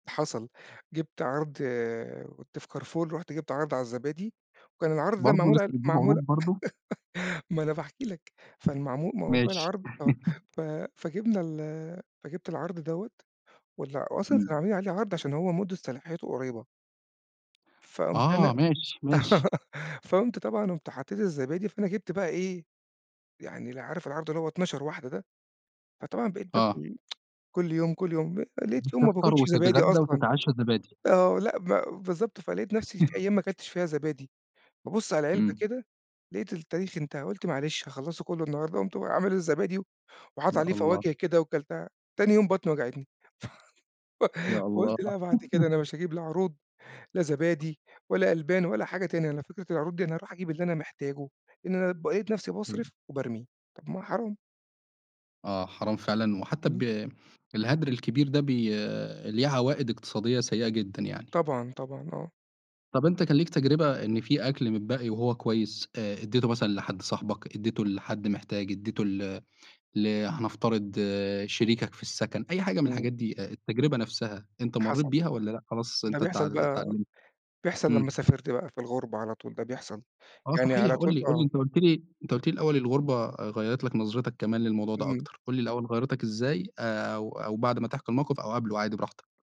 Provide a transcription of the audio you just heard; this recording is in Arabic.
حصل. جِبت عَرْض كنت في كارفور، رُحت جِبت عَرْض على الزبادي وكان العَرْض ده برضه معمول لسّه ع بتجيب عروض معمول برضه. ما أنا باحكي لك، فالمعم موضوع ماشي. العَرْض آه. ف فجِبنا ال فجِبت العرض دوّة ولا وأصلًا كان إمم. عاملين عليه عَرْض عشان هو مُدّة صلاحيته قريّبة. فقُمت أنا آه. ماشي، ماشي. فقُمت طبعًا قُمت حطّيت الزبادي، فأنا جِبت بقى إيه، يعني ال عارف العَرْض اللي هو 12 واحدة ده؟ فطبعًا بقيت آه. باكل كل يوم، كل يوم، آآ، لقيت يوم ما تفطر باكُلش زبادي وتتغدّا أصلًا، وتتعشّى زبادي. آه، لأ، ب بالضبط. فلقيت نفسي في أيام ما أكلتش فيها زبادي، بابُص على العلبة إمم. كده، لقيت التاريخ انتهى. قُلت معلش هاخلّصه كُلّه النهاردة وقُمت عامل الزبادي وحاطط يا عليه الله. فواكه كده وكَلتها، تاني يوم بطني وجعتني. ف يا الله. فقُلت لأ، بعد كده أنا مش هاجيب لا عروض، لا زبادي ولا ألبان ولا حاجة تانية. أنا فكرة العروض دي أنا أروح أجيب اللي أنا محتاجه، إن أنا بقيت نفسي أيوه. باصرف وبارمي، طَب ما حرام. آه، حرام فعلًا. وحتّى إمم. ب الهَدْر الكبير ده، بي ليه عوائِد اقتصادية سيّئة جدًا يعني. طبعًا، طبعًا، آه. طَب أنت كان ليك تجربة إن في أكل متبقّي وهو كويس، آآ إدّيته مثلًا لحد صاحبك، إدّيته لحد محتاج، إدّيته ل ل هنفترض شريكك في السَكَن، أي حاجة من إمم. الحاجات دي، آآ، التجربة نفسها، أنت مرّيت حصل، بيها والّا لأ خلاص ده أنت بيحصل اتعل بقى اتعلمت؟ بيحصل لمّا إمم. سافرت بقى، في الغُربة على طول ده بيحصل. آه يعني صحيح، على قُل طول لي، قُل لي، آه. أنت قُلت لي أنت قُل لي الأول الغُربة غيّرت لك نظرتك كمان للموضوع ده إمم. أكتر. قُل لي الأول، غيّرتك إزاي؟ آآ أو أو بعد ما تحكي الموقف أو قَبله عادي براحتك.